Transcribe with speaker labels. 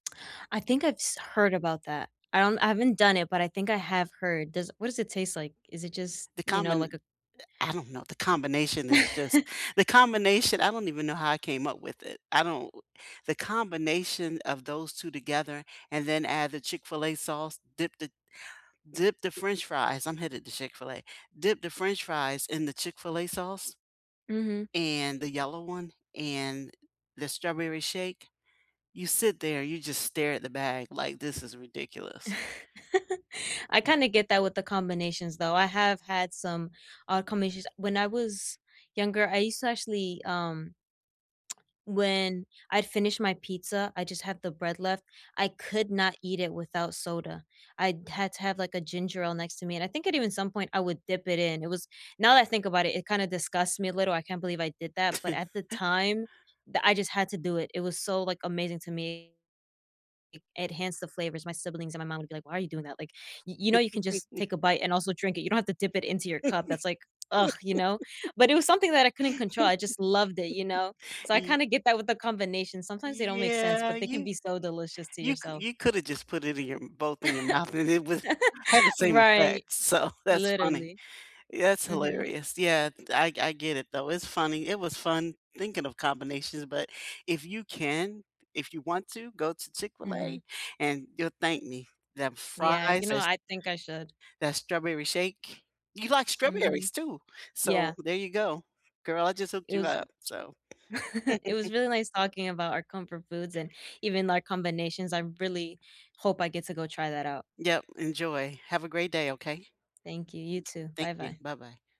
Speaker 1: I think I've s heard about that. I don't I haven't done it, but I think I have heard. Does what does it taste like? Is it just,
Speaker 2: The
Speaker 1: you know, like
Speaker 2: combin
Speaker 1: a
Speaker 2: eh, I don't know, the combination is just the combination. I don't even know how I came up with it. I don't the combination of those 2 together and then add the Chick-fil-A sauce, dip the dip the french fries I'm headed to Chick-fil-A. Dip the french fries in the Chick-fil-A sauce,
Speaker 1: Mhm.
Speaker 2: and the yellow one, and the strawberry shake you sit there, you just stare at the bag like, "This is ridiculous."
Speaker 1: I
Speaker 2: Mm.
Speaker 1: kinda get that with the combinations though. I have had some odd combinations. When I was younger, I used to actually, um when I'd finished my pizza, I just had the bread left, I could not eat it without soda. I d had to have, like, a ginger ale next to me, and I think it even some point I would dip it in. It was now that I think about it, it kinda disgusts me a little, I can't believe I did that, but at the time that I just had to do it. It was so, like, amazing to me. It enhance the flavors. My siblings and my mom would be like, "Why are you doing that?" Like, y you know, you can just take a bite and also drink it. You don't have to dip it into your cup, that's like ugh, you know, but it was something that I couldn't control. I just loved it, you know? So I
Speaker 2: Y
Speaker 1: kinda get that with the combination. Sometimes they don't make sense,
Speaker 2: Yeah,
Speaker 1: but they can
Speaker 2: you
Speaker 1: be so delicious to
Speaker 2: you c
Speaker 1: yourself.
Speaker 2: you coulda just put it in your both in your mouth and it was had the same
Speaker 1: Right,
Speaker 2: effect. So, that's funny.
Speaker 1: literally.
Speaker 2: Yeah, it's
Speaker 1: Mhm.
Speaker 2: hilarious. Yeah, th I I get it though. It's funny. It was fun thinking of combinations, but if you can if you want to go to
Speaker 1: Mhm.
Speaker 2: Chick-fil-A and you'll thank me. Them
Speaker 1: Yeah, you
Speaker 2: fries
Speaker 1: know,
Speaker 2: is
Speaker 1: I think I should.
Speaker 2: That strawberry shake. You like strawberries
Speaker 1: Mhm.
Speaker 2: too, so
Speaker 1: Yeah.
Speaker 2: there you go. Girl, I just hooked
Speaker 1: It
Speaker 2: you
Speaker 1: was
Speaker 2: up, so
Speaker 1: It was really nice talking about our comfort foods and even our combinations. I really hope I get to go try that out.
Speaker 2: Yep, enjoy. Have a great day, okay?
Speaker 1: Thank you, you too.
Speaker 2: Thank you.
Speaker 1: Bye-bye.
Speaker 2: Bye-bye.